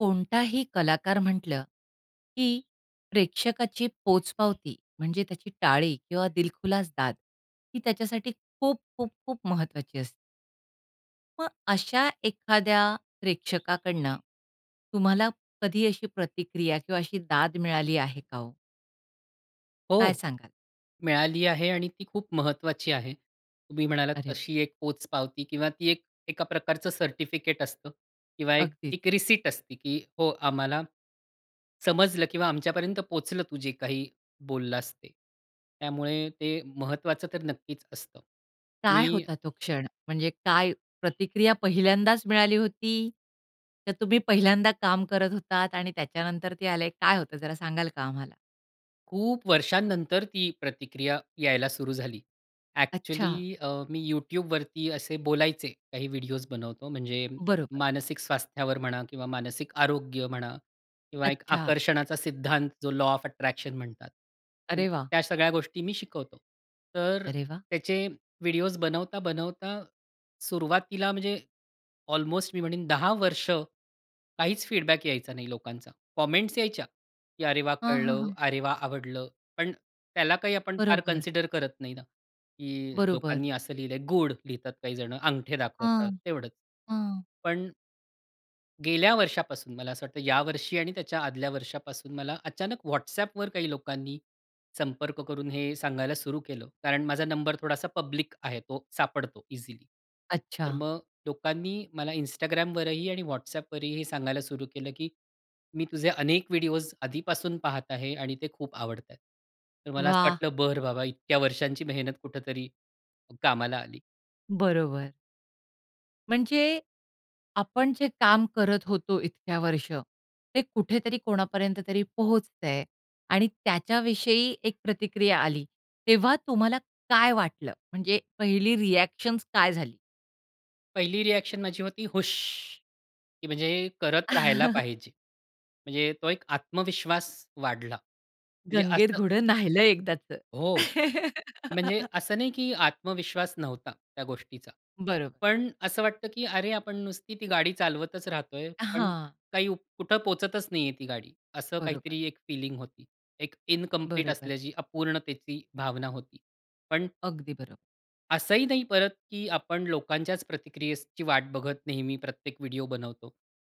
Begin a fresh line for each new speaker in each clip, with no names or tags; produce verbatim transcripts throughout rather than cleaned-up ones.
कोणताही कलाकार म्हटलं, की प्रेक्षकाची पोचपावती म्हणजे त्याची टाळी किंवा दिलखुलास दाद ही त्याच्यासाठी खूप, खूप, खूप महत्वाची असते. मग अशा एखाद्या प्रेक्षकाकडनं तुम्हाला कधी अशी प्रतिक्रिया किंवा अशी दाद मिळाली आहे का हो? काय
हो,
सांगाल?
मिळाली आहे आणि ती खूप महत्वाची आहे. तुम्ही म्हणालात,
अरे व
तशी एक पोचपावती किंवा ती एक एका प्रकारचं सर्टिफिकेट असतं किंवा एक,
अगदीच.
एक रिसिप्ट असते, की हो आम्हाला समजलं किंवा आमच्यापर्यंत पोहोचलं तू जे काही बोललास ते. त्यामुळे ते महत्वाचं तर नक्कीच असतं
काय
मी
होता तो क्षण म्हणजे काय प्रतिक्रिया पहिल्यांदाच मिळाली होती? तर तुम्ही पहिल्यांदा काम करत होतात आणि त्याच्यानंतर ते आले, काय होतं जरा सांगाल का आम्हाला?
खूप वर्षानंतर ती प्रतिक्रिया यायला सुरू झाली. ॲक्चुअली
अच्छा.
अ, मी Youtubeवरती असे बोलायचे, काही व्हिडिओज बनवतो म्हणजे
बरोबर.
मानसिक स्वास्थ्यावर म्हणा किंवा मानसिक आरोग्य म्हणा किंवा एक
अच्छा.
आकर्षणाचा सिद्धांत जो, लॉ ऑफ अट्रॅक्शन म्हणतात. तर
अरे वाह!
त्या सगळ्या गोष्टी मी शिकवतो. तर
अरे वाह!
त्याचे व्हिडिओज बनवता-बनवता सुरुवातीला, म्हणजे ऑल्मोस्ट मी म्हणीन दहा वर्ष काहीच फीडबॅक यायचा नाही लोकांचा. कॉमेंट्स यायच्या, की "अरे वाह!
हां, हां,
कळलं.
हां.
अरे, वाह! आवडलं." पण त्याला काही आपण फार
बरोबर.
कन्सिडर करत नाही ना, की
बरोबर.
लोकांनी असं लिहिलं आहे. गूड लिहितात, काही जण अंगठे
हां,
दाखवतात तेवढंच.
हां.
पण गेल्या वर्षापासून मला असं वाटतं, या वर्षी आणि त्याच्या आदल्या वर्षापासून मला अचानक Whatsappवर काही लोकांनी संपर्क करून हे सांगायला सुरु केलं. कारण माझा नंबर थोडासा पब्लिक आहे तो सापडतो इझिली. तर
अच्छा.
मग लोकांनी मला Instagramवरही आणि Whatsappवरही हे सांगायला सुरू केलं, की "मी तुझे अनेक व्हिडिओज आधीपासून पाहत आहे आणि ते खूप आवडत आहेत." तर मला असं
वाह!
वाटलं, बरं बाबा इतक्या वर्षांची मेहनत कुठेतरी कामाला आली.
बरोबर. म्हणजे आपण जे काम करत होतो इतक्या वर्ष, ते कुठेतरी कोणापर्यंत तरी पोहोचतं आहे. आणि त्याच्याविषयी एक प्रतिक्रिया आली, तेव्हा तुम्हाला काय वाटलं? म्हणजे पहिली रिॲक्शन्स काय झाली?
पहिली रिॲक्शन माझी होती हूश! की म्हणजे करत राहायला पाहिजे. म्हणजे तो एक आत्मविश्वास वाढला. म्हणजे
"गंगेत
असं
घोडं न्हायिलं एकदाचं."
हो. म्हणजे असं नाही की आत्मविश्वास नव्हता त्या गोष्टीचा.
बरोब
पण असं वाटतं, की "अरे आपण नुसती ती गाडी चालवतच राहतोय. पण
हां.
काही उप कुठं पोहचतच नाही आहे ती गाडी." असं
बरोबर.
काहीतरी एक फीलिंग होती. एक इनकंप्लीट
बरोबर.
असल्याची, अपूर्णतेची भावना होती. पण
अगदी बरोबर.
असंही नाही परत की आपण लोकांच्याच प्रतिक्रियेची वाट बघत नेहमी प्रत्येक व्हिडिओ बनवतो.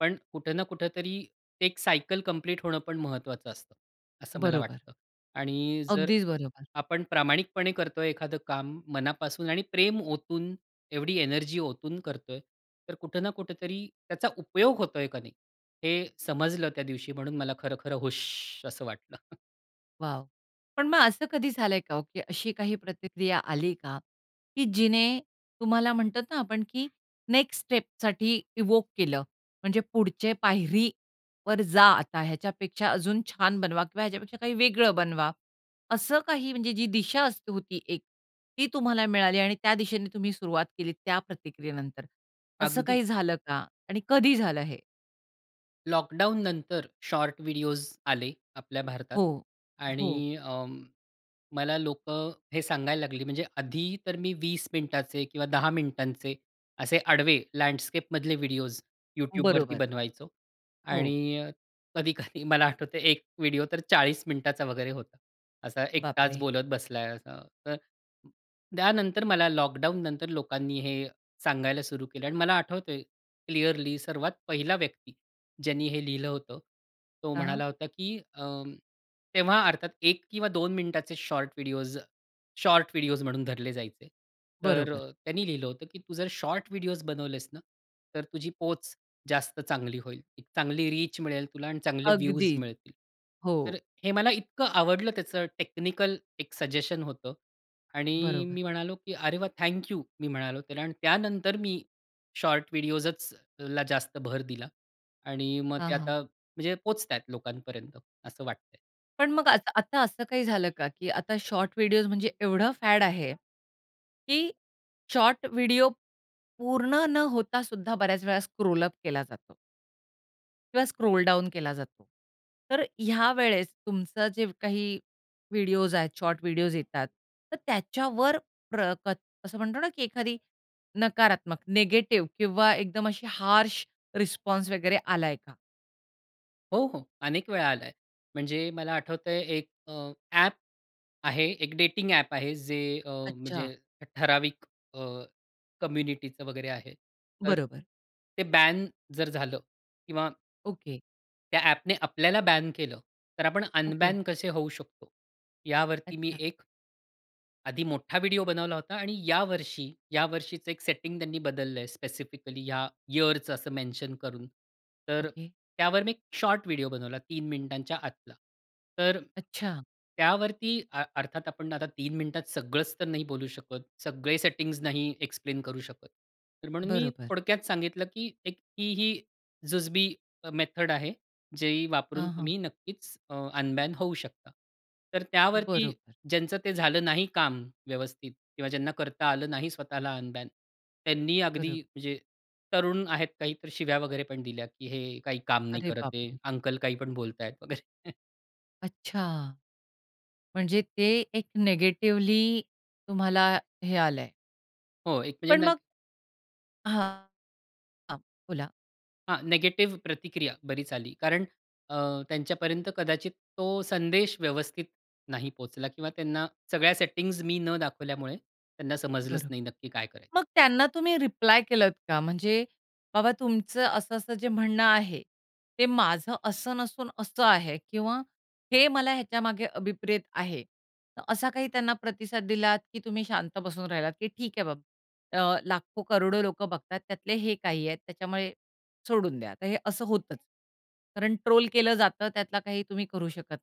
पण कुठे ना कुठेतरी एक सायकल कंप्लीट होणं पण महत्वाचं असतं. असं मला
बरोबर.
वाटतं. आणि जर
अगदीच बरोबर.
आपण प्रामाणिकपणे करतोय एखादं काम मनापासून आणि प्रेम ओतून एवढी एनर्जी ओतून करतोय. तर कुठे ना कुठेतरी त्याचा उपयोग होतोय का नाही, हे समजलं त्या दिवशी म्हणून मला खरं-खरं हूश! असं वाटलं.
वॉव! पण मग असं कधी झालंय का हो की अशी काही प्रतिक्रिया आली का की जिने तुम्हाला म्हणतात ना आपण की नेक्स्ट स्टेपसाठी इव्होक केलं? म्हणजे पुढचे पायरीवर जा आता ह्याच्यापेक्षा, अजून छान बनवा किंवा ह्याच्यापेक्षा काही वेगळं बनवा असं काही म्हणजे जी दिशा असते होती एक ती तुम्हाला मिळाली आणि त्या दिशेने तुम्ही सुरुवात केली त्या प्रतिक्रियेनंतर? असं
अगदी.
काही झालं का आणि कधी झालं हे?
लॉकडाउन नंतर शॉर्ट व्हिडिओज आले, आपल्या भारतात
हो, हो.
आणि अ, मला लोकं हे सांगायला लागली म्हणजे आधी तर मी वीस मिनिटाचे दहा मिनिटांचे असे आडवे लँडस्केपमधले व्हिडिओज YouTubeवरती
बरोबर.
बनवायचो
हो.
आणि अ, कधी-कधी मला आठवतंय एक व्हिडिओ तर चाळीस मिनिटाचा वगैरे होता. असा एकटाच
बापरे!
बोलत बसलाय असा, तर त्यानंतर मला लॉकडाउन नंतर लोकांनी हे सांगायला सुरु केलं. आणि मला आठवतंय क्लिअरली सर्वात पहिला व्यक्ती, ज्यांनी हे लिहिलं होतं. तो
हां.
म्हणाला होता की अ, तेव्हा अर्थात एक किंवा दोन मिनिटाचे शॉर्ट व्हिडिओज, शॉर्ट व्हिडिओज म्हणून धरले जायचे. तर
बरोबर.
अ, त्यांनी लिहिलं होतं की "तू जर शॉर्ट व्हिडिओज बनवलेस ना तर तुझी पोच जास्त चांगली होईल, चांगली रीच मिळेल तुला आणि चांगले व्ह्यूज
अगदी,
मिळतील." तर
हो.
हे मला इतकं आवडलं त्याचं टेक्निकल एक सजेशन होतं आणि
बरोबर.
मी म्हणालो, की "अरे, वाह! Thank you." मी म्हणालो त्याला आणि त्यानंतर मी शॉर्ट व्हिडिओजचला जास्त भर दिला. आणि मग
हां,
ते
हां.
आता म्हणजे पोहचतायेत लोकांपर्यंत असं वाटत आहे.
पण मग आता आता असं काही झालं का? की आता शॉर्ट व्हिडिओस, म्हणजे एवढं फॅड आहे, की शॉर्ट व्हिडिओ पूर्ण न होता सुद्धा बऱ्याच वेळा स्क्रोल अप केला जातो. किंवा स्क्रोल डाउन केला जातो. तर ह्या वेळेस तुमचं जे काही व्हिडिओस आहेत, शॉर्ट व्हिडिओस येतात, तर त्याच्यावर प्र कत असं म्हणतो ना की एखादी नकारात्मक, नेगेटिव्ह किंवा एकदम अशी हार्श रिस्पॉन्स वगैरे आलाय का?
हो, हो. अनेक वेळा आलाय. म्हणजे मला आठवतंय एक अ, ॲप आहे एक डेटिंग ॲप आहे. जे अ,
अच्छा.
म्हणजे ठराविक अ, कम्युनिटीचं वगैरे आहे. तर
बरोबर.
ते बॅन जर झालं किंवा
ओके.
त्या ॲप ने आपल्याला बॅन केलं तर आपण
ओके.
अनबॅन कसे होऊ शकतो? यावरती मी
अच्छा.
एक आधी मोठा व्हिडिओ बनवला होता आणि या वर्षी, या वर्षीचं एक सेटिंग त्यांनी बदललंय स्पेसिफिकली ह्या यिअरचं असं मेन्शन करून. तर
ओके.
त्यावर मी एक शॉर्ट व्हिडिओ बनवला तीन मिनिटांच्या आतला. तर
अच्छा!
त्यावरती, अर्थात आपण आता तीन मिनिटात सगळंच तर नाही बोलू शकत. सगळे सेटिंग्स नाही एक्सप्लेन करू शकत. तर म्हणून मी
बरोबर.
थोडक्यात सांगितलं की एक ही, ही जुजबी अ, मेथड आहे जे वापरून
हां, हां.
तुम्ही नक्कीच अ, अनबॅन होऊ शकता. तर त्यावरती
बरोबर.
ज्यांचं ते झालं नाही काम व्यवस्थित किंवा ज्यांना करता आलं नाही स्वतःला अनबॅन. त्यांनी अगदी
बरं.
म्हणजे तरुण आहेत, काही तर शिव्या वगैरे पण दिल्या की हे काही काम नाही
अरे
करते,
बापरे!
अंकल काही पण बोलतायत वगैरे.
अच्छा! म्हणजे ते एक नेगेटिव्हली तुम्हाला हे आलयं.
हो, एक म्हणजे
पण
न
मग हां. हां, बोला.
हां, नेगेटिव्ह प्रतिक्रिया बरीच आली. कारण अ, त्यांच्यापर्यंत कदाचित तो संदेश व्यवस्थित नाही पोहचला किंवा त्यांना सगळ्या सेटिंग्ज मी न दाखवल्यामुळे त्यांना समजलंच
बरं.
नाही नक्की काय करायचं?
मग त्यांना तुम्ही रिप्लाय केलत का? म्हणजे बाबा तुमचं असं-असं जे म्हणणं आहे ते माझं असं नसून असं आहे किंवा हे मला ह्याच्यामागे अभिप्रेत आहे असा काही त्यांना प्रतिसाद दिलात की तुम्ही शांत बसून राहिलात की ठीक आहे बाबा अ, लाखो करोडो लोकं बघतात त्यातले हे काही आहेत त्याच्यामुळे, सोडून द्या, तर हे असं होतचं. कारण ट्रोल केलं जातं त्यातला काही तुम्ही करू शकत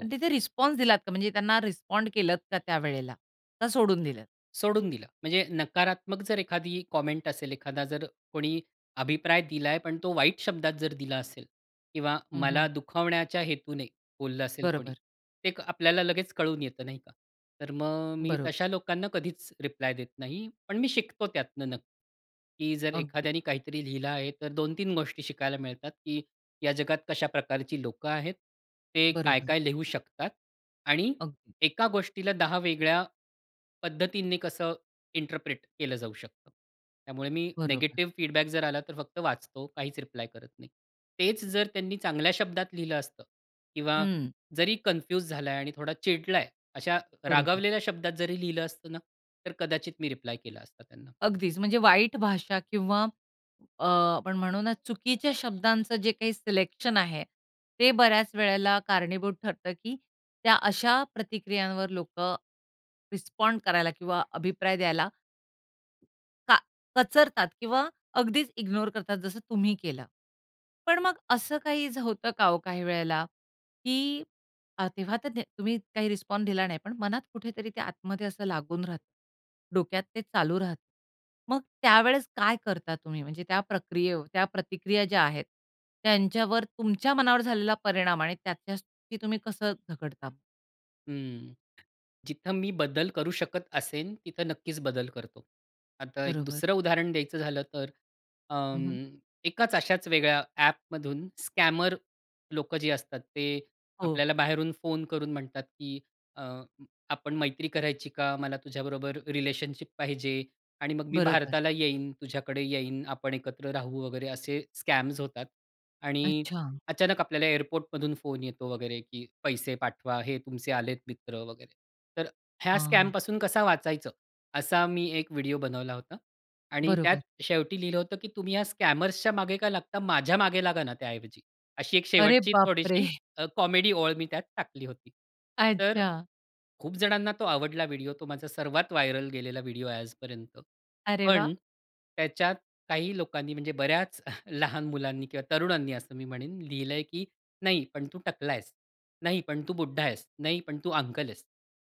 पण तिथे रिस्पॉन्स दिलात का? म्हणजे त्यांना रिस्पॉन्ड केलत का? त्यावेळेला, का सोडून दिलत?
सोडून दिलं. म्हणजे नकारात्मक जर एखादी कॉमेंट असेल एखादा जर कोणी अभिप्राय दिलाय, पण तो वाईट शब्दात जर दिला असेल किंवा
हं,
मला
हं.
दुखावण्याच्या हेतूने बोललं असेल कोणी,
बरोबर.
ते एक आपल्याला लगेच कळून येतं नाही का? तर मग मी
बरं.
तशा लोकांना कधीच रिप्लाय देत नाही. पण मी शिकतो त्यातनं नक्की, की जर
अगदी.
एखाद्याने काहीतरी लिहिलं आहे तर दोन तीन गोष्टी शिकायला मिळतात की या जगात कशा प्रकारची लोकं आहेत? ते
बरोबर.
काय-काय लिहू शकतात? आणि
अगदी.
एका गोष्टीला दहा वेगळ्या, पद्धतीने कसं इंटरप्रेट केलं जाऊ शकतं? त्यामुळे मी
बरोबर.
नेगेटिव्ह फीडबॅक जर आला तर फक्त वाचतो काहीच रिप्लाय करत नाही. तेच जर त्यांनी चांगल्या शब्दात लिहिलं असतं किंवा
हं.
जरी कन्फ्युज झालाय आणि थोडा चिडलाय अशा
बरोबर.
रागावलेल्या शब्दात जरी लिहिलं असतं ना, तर कदाचित मी रिप्लाय केला असता त्यांना.
अगदीचं. म्हणजे वाईट भाषा किंवा अ, आपण म्हणू ना, चुकीच्या शब्दांचं जे काही सिलेक्शन आहे. ते बऱ्याच वेळेला कारणीभूत ठरतं की त्या अशा प्रतिक्रियांवर लोकं रिस्पॉन्ड करायला किंवा अभिप्राय द्यायला का कचरतात किंवा अगदीच इग्नोर करतात जसं तुम्ही केलं. पण मग असं काही होतं का हो काही वेळेला की तेव्हा तर तुम्ही काही रिस्पॉन्स दिला नाही पण मनात कुठेतरी ते आतमध्ये असं लागून राहतं. डोक्यात ते चालू राहतं. मग त्यावेळेस काय करता तुम्ही? म्हणजे त्या प्रक्रियेव त्या प्रतिक्रिया ज्या आहेत त्यांच्यावर तुमच्या मनावर झालेला परिणाम आणि त्याच्याशी तुम्ही कसं झगडता?
हं जिथं मी बदल करू शकत असेन, तिथं नक्कीच बदल करतो. आता एक
बरोबर.
दुसरं उदाहरण द्यायचं झालं तर
हं,
अं,
हं.
एकाच अश्याच वेगळ्या ॲपमधून स्कॅमर लोकं जे असतात ते
हो.
आपल्याला बाहेरून फोन करून म्हणतात की अ, आपण मैत्री करायची का? मला तुझ्याबरोबर रिलेशनशिप पाहिजे. आणि मग मी
बरोबर.
भारताला येईन. तुझ्याकडे येईन आपण एकत्र राहू वगैरे असे स्कॅम्स होतात. आणि
अच्छा.
अचानक आपल्याला एअरपोर्टमधून फोन येतो वगैरे की पैसे पाठवा हे तुमचे आलेत मित्र वगैरे. तर ह्या स्कॅम
आ.
पासून कसा वाचायचं? असा मी एक व्हिडिओ बनवला होता. आणि त्यात
बरोबर.
शेवटी लिहिलं होतं की तुम्ही ह्या स्कॅमर्सच्या मागे का लागता? माझ्या मागे लागा ना त्या ऐवजी. अशी एक
अरे
शेवटची
बापरे!
थोडीशी अ, कॉमेडी ओळ मी त्यात टाकली होती. तर
अच्छा.
खूप जणांना तो आवडला व्हिडिओ तो माझा सर्वात व्हायरल गेलेला व्हिडिओ आहे आजपर्यंत.
अरे वाह!
पण, त्याच्यात काही लोकांनी म्हणजे बऱ्याच लहान मुलांनी किंवा तरुणांनी असं मी म्हणेन लिहिलंय, की "नाही, पण तू टकला आहेस, नाही पण तू बुड्ढा आहेस, नाही पण तू अंकल आहेस."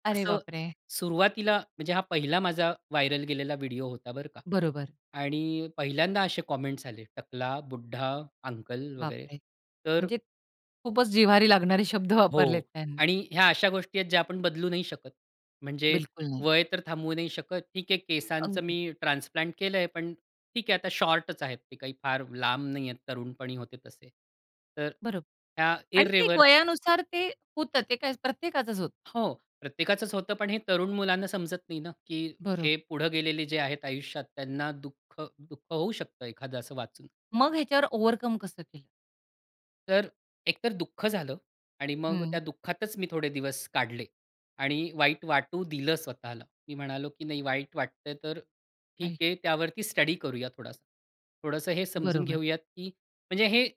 अरे
असं
बापरे!
सुरुवातीला म्हणजे हा पहिला माझा व्हायरल गेलेला व्हिडिओ होता बरं का.
बरोबर.
आणि पहिल्यांदा असे कॉमेंट्स आले टकला, बुड्ढा, अंकल वगैरे
बापरे!
तर
म्हणजे खूपच जिव्हारी लागणारे शब्द
हो
वापरलेत त्यांनी.
आणि ह्या अशा गोष्टी आहेत ज्या आपण बदलू नाही शकत. म्हणजे
बिलकुल नाही.
वय तर थांबवू नाही शकत. ठीक आहे केसांचं
अगदी.
मी ट्रान्सप्लांट केलंय पण ठीक आहे आता शॉर्टच आहेत ते काही फार लांब नाहीये तरुणपणी होते तसे. तर
बरं.
ह्या
आणि ते एक
इररिवर
वयानुसार ते होतं. ते काय प्रत्येकाचंच होतं.
हो प्रत्येकाचंच होतं पण हे तरुण मुलांना समजत नाही ना की
बरोब
हे पुढं गेलेले जे आहेत आयुष्यात त्यांना दुःख, दुःख होऊ शकतं एखादं असं वाचून.
मग ह्याच्यावर ओव्हरकम कसं केलं?
तर एकतर दुःख झालं आणि मग त्या
हं.
दुःखातच मी थोडे दिवस काढले आणि वाईट वाटू दिलं स्वतःला. मी म्हणालो, की "नाही वाईट वाटतंय, तर
आई
ठीक आहे, त्यावरती स्टडी करूया थोडासा." थोडंसं हे समजून
बरोबर.
घेऊयात, की म्हणजे हे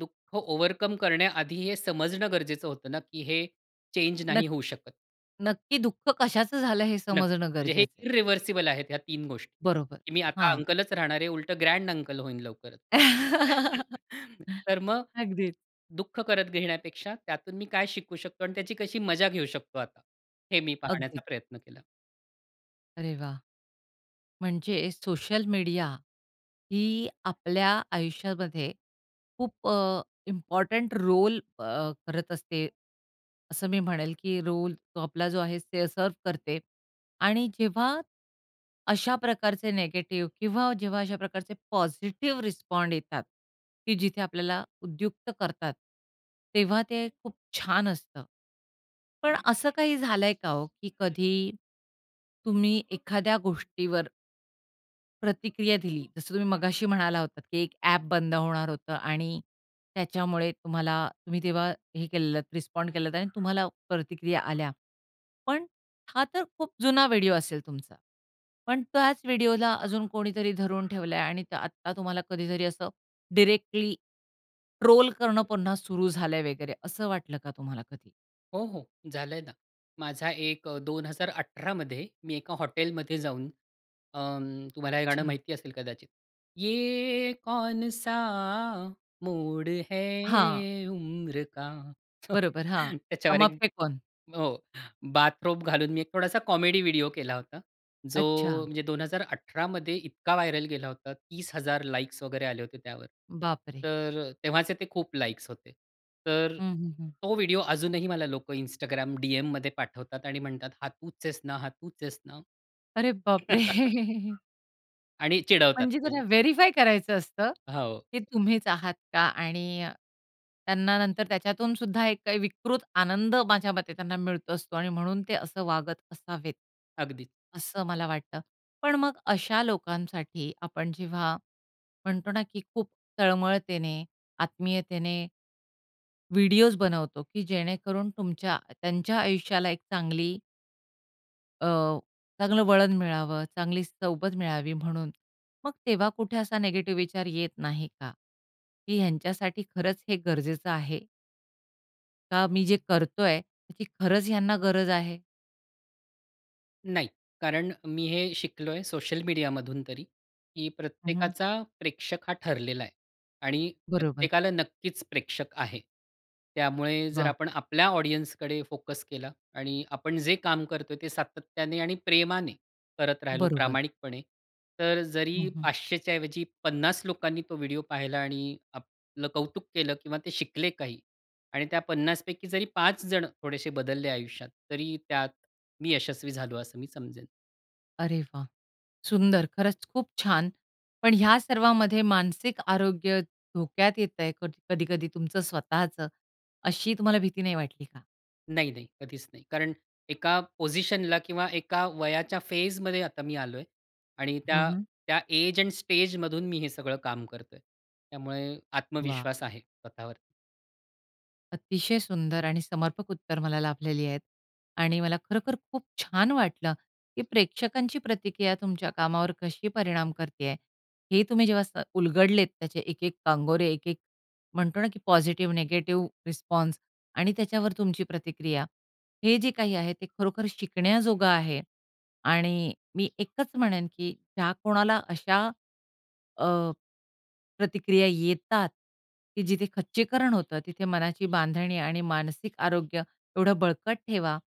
दुःख ओव्हरकम करण्याआधी, हे समजणं गरजेचं होतं ना, की हे चेंज
नक
नाही होऊ शकत.
नक्की दुःख कशाचं झालं? हे
नक्कीच,
समजणं
म्हणजे हे
गरजेचं आहे.
इरिव्हर्सिबल आहेत, ह्या तीन गोष्टी,
बरोबर,
की मी आता
हां.
अंकलच राहणार आहे, उलटं ग्रँड अंकल होईन लवकरचं. तर मग,
अगदीच.
दुःख करत घेण्यापेक्षा, त्यातून मी काय शिकू शकतो? आणि त्याची कशी मजा घेऊ शकतो आता? हे मी पाहण्याचा
अगदी.
प्रयत्न केला.
अरे वाह! म्हणजे सोशल मीडिया ही आपल्या आयुष्यामध्ये खूप अ, इम्पॉर्टन्ट रोल अ, करत असते. असं मी म्हणेल, की रोल तो आपला जो आहे, ते सर्व्ह करते, आणि जेव्हा, अशा प्रकारचे नेगेटिव्ह किंवा जेव्हा अशा प्रकारचे पॉझिटिव्ह रिस्पॉन्ड येतात, की जिथे आपल्याला उद्युक्त करतात, तेव्हा ते खूप छान असतं. पण असं काही झालंय का हो, की कधी तुम्ही एखाद्या गोष्टीवर प्रतिक्रिया दिली. जसं तुम्ही मगाशी म्हणाला होतात की एक ॲप बंद होणार होतं आणि त्याच्यामुळे तुम्हाला तुम्ही तेव्हा हे केलेलेत रिस्पॉन्ड केलत आणि तुम्हाला प्रतिक्रिया आल्या. पण हा तर खूप जुना व्हिडिओ असेल तुमचा, पण त्याच व्हिडिओला अजून कोणीतरी धरून ठेवलंय आणि आता तुम्हाला कधीतरी असं डीरेक्टली ट्रोल करणं पुन्हा सुरू झालंय वगैरे. असं वाटलं का तुम्हाला कधी?
हो, हो झालंय ना. माझा एक अ, दोन हजार अठरा मध्ये मी एका हॉटेलमध्ये जाऊन अं, तुम्हाला हे गाणं
अच्छा.
माहिती असेल कदाचित, "ये कौनसा मोड है
हां.
उम्र का?"
बरोबर, हां.
त्याच्यावर
हम
एक
आपके है कौन?
हो. बाथरोब घालून मी एक थोडासा कॉमेडी व्हिडिओ केला होता. जो
अच्छा.
म्हणजे दोन हजार अठरा मध्ये इतका व्हायरल गेला होता. तीस हजार लाइक्स वगैरे आले होते त्यावर.
बापरे!
तर तेव्हाचे ते खूप लाईक्स होते. तर
हं, हं, हं.
तो व्हिडिओ अजूनही मला लोकं Instagram डीएममध्ये पाठवतात आणि म्हणतात, "हा तूच आहेस ना, हा तूच आहेस ना."
अरे बापरे!
आणि चिडवतात,
म्हणजे, त्यांना
म्हणजे
व्हेरिफाय करायचं असतं
हो.
की तुम्हीच आहात का? आणि त्यांना नंतर त्याच्यातून सुद्धा एक काही विकृत आनंद, माझ्या मते, त्यांना मिळत असतो आणि म्हणून ते असं वागत असावेत.
अगदीच.
असं मला वाटतं. पण मग अशा लोकांसाठी, आपण जेव्हा म्हणतो ना, की खूप तळमळतेने, आत्मीयतेने व्हिडिओज बनवतो की जेणेकरून तुमच्या त्यांच्या आयुष्याला एक चांगली अ, चांगलं वळण मिळावं, चांगली सोबत मिळावी म्हणून, मग तेव्हा कुठे असा नेगेटिव्ह विचार येत नाही का? की ह्यांच्यासाठी खरंच हे गरजेचं आहे? का मी जे करतोय, की खरंच ह्यांना गरज आहे?
नाही. कारण मी हे शिकलोय सोशल मीडियामधून तरी, की
हं, हं.
प्रत्येकाचा प्रेक्षक हा ठरलेला आहे. आणि
बरोबर.
प्रत्येकाला नक्कीच प्रेक्षक आहे. त्यामुळे जर
वाह!
आपण आपल्या ऑडियन्सकडे फोकस केला आणि आपण जे काम करतोय ते सातत्याने आणि प्रेमाने करत राहिलो,
बरोबर.
प्रामाणिकपणे. तर
हं,
जरी
हं.
पाचशे च्या ऐवजी पन्नास लोकांनी तो व्हिडिओ पाहिला आणि आपलं कौतुक केलं किंवा ते शिकले काही आणि त्या पन्नास पैकी जरी, पाच जण थोडेसे बदलले आयुष्यात, तरी त्यात मी यशस्वी झालो असं मी समजेन.
अरे वाह! सुंदर, खरंच खूप छान. पण ह्या सर्वामध्ये मानसिक आरोग्य धोक्यात येत आहे. कध कधी-कधी तुमचं स्वतःचं. अशी तुम्हाला भीती नाही वाटली का?
नाही, नाही, कधीच नाही. कारण एका पोझिशनला किंवा एका वयाच्या फेजमध्ये आता मी आलोय. आणि
हं,
त्या
हं.
त्या एज एंड स्टेजमधून मी हे सगळं काम करतोय. त्यामुळे
वाह!
आत्मविश्वास आहे स्वतःवर.
अतिशय सुंदर आणि समर्पक उत्तर मला लाभलेली आहेत. आणि मला खरोखर खूप छान वाटलं, की प्रेक्षकांची प्रतिक्रिया तुमच्या कामावर कशी परिणाम करते आहे. हे तुम्ही जेव्हा स उलगडलेत त्याचे एक-एक कांगोरे, एक-एक म्हणतो ना, की पॉझिटिव्ह, नेगेटिव्ह रिस्पॉन्स आणि त्याच्यावर तुमची प्रतिक्रिया. हे जे काही आहे ते खरोखर शिकण्याजोगं आहे आणि मी एकच म्हणेन की ज्या कोणाला अशा अ, प्रतिक्रिया येतात, की जिथे खच्चीकरण होतं. तिथे मनाची बांधणी आणि मानसिक आरोग्य एवढं बळकट ठेवा,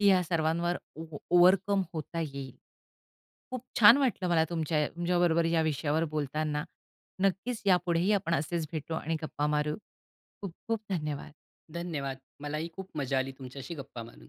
की या सर्वांवर ओ ओ ओव्हरकम होता येईल. खूप छान वाटलं मला तुमच्या तुमच्या बरोबर या विषयावर बोलताना. नक्कीच यापुढेही आपण असेच भेटू आणि गप्पा मारू. खूप-खूप धन्यवाद!
धन्यवाद! मलाही खूप मजा आली तुमच्याशी गप्पा मारून.